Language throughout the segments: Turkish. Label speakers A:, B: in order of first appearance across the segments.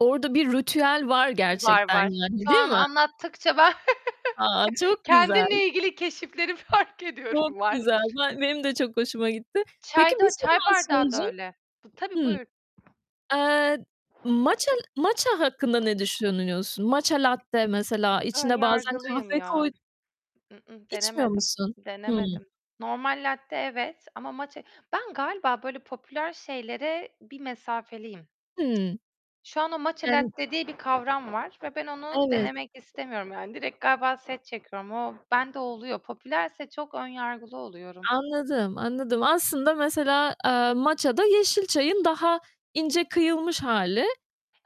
A: Orada bir ritüel var
B: Var,
A: gerçekten
B: var.
A: yani
B: Şu
A: değil
B: an
A: mi?
B: anlattıkça ben
A: A,
B: ke
A: çok güzel!
B: kendimle ilgili keşifleri fark
A: Çok
B: ediyorum. Var.
A: güzel. Ba benim de çok hoşuma gitti. Peki,
B: Çay
A: bir
B: da
A: şey
B: çay
A: daha
B: bardağı da
A: soracağım.
B: öyle. Tabii
A: Hı.
B: buyur.
A: Eee, matcha matcha hakkında ne düşünüyorsun? Matcha latte mesela
B: Ön
A: içine bazen
B: yargılıyım
A: kahve
B: ya.
A: koy
B: I-ı.
A: İçmiyor
B: Denemedim.
A: musun? Hı.
B: Denemedim. Normal latte evet ama matcha ben galiba böyle popüler şeylere bir mesafeliyim.
A: Hı.
B: Şu anda matcha
A: Yani
B: latte diye bir kavram var ve ben onu
A: Evet.
B: denemek istemiyorum, yani, direkt galiba set çekiyorum. O bende oluyor. Popülerse çok ön yargılı oluyorum.
A: Anladım. Anladım. Aslında, mesela, eee, matcha da yeşil çayın daha ince kıyılmış hâli,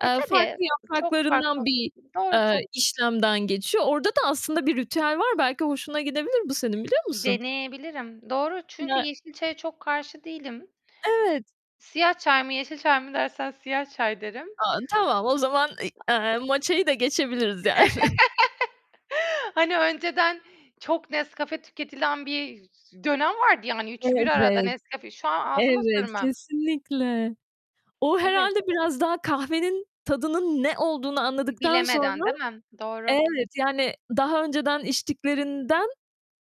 B: Eee,
A: eee,
B: tabii,
A: farklı
B: çok farklı.
A: yapraklarından bir,
B: Doğru
A: eee,
B: çok
A: işlemden geçiyor. Orada da aslında bir ritüel var. Belki hoşuna gidebilir bu senin, biliyor musun?
B: Deneyebilirim. Doğru çünkü
A: Ya
B: yeşil çaya çok karşı değilim.
A: Evet.
B: Siyah çay mı, yeşil çay mı dersen siyah çay derim.
A: A, tamam o zaman, ııı, eee, matcha'yı da geçebiliriz yani.
B: Hani, önceden çok Nescafe tüketilen bir z dönem vardı ya, hani, 3'ü 1 arada
A: Evet.
B: Nescafe şu an ağzıma
A: Evet,
B: sürmem.
A: kesinlikle. O
B: Evet.
A: herhâlde biraz daha kahvenin tadının ne olduğunu anladıktan
B: Bilemeden,
A: sonra
B: değil mi? Doğru.
A: Evet, yani, daha önceden içtiklerinden,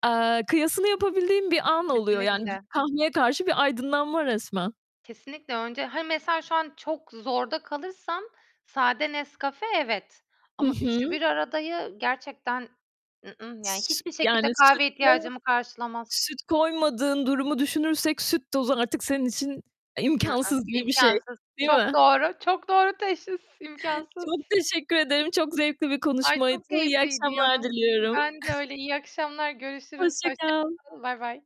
A: eee, kıyasını yapabildiğin bir an oluyor. Yani, b
B: Kesinlikle.
A: kahveye karşı bir aydınlanma resmen.
B: Kesinlikle önce, hani, mesela, şu an çok zorda kalırsam sade Nescafe evet
A: Hı
B: ama üçü
A: hı.
B: bir aradayı gerçekten, yani, hiçbir
A: Yani,
B: şekilde
A: süt,
B: kahveye
A: eee
B: ihtiyacımı karşılamaz.
A: süt koymadığın durumu düşünürsek süt tozu artık senin için, eee, imkânsız gibi bir şey,
B: İmkansız.
A: değil
B: Çok
A: mi?
B: doğru, çok doğru teşhis, imkansız.
A: Çok teşekkür ederim. Çok zevkli bir
B: Ay,
A: konuşmaydı.
B: çok
A: İyi
B: keyifliydi ya.
A: akşamlar diliyorum.
B: Ben de öyle. İyi akşamlar, görüşürüz.
A: Hoşça
B: Hoşça
A: kal.
B: kalın. Bay bay.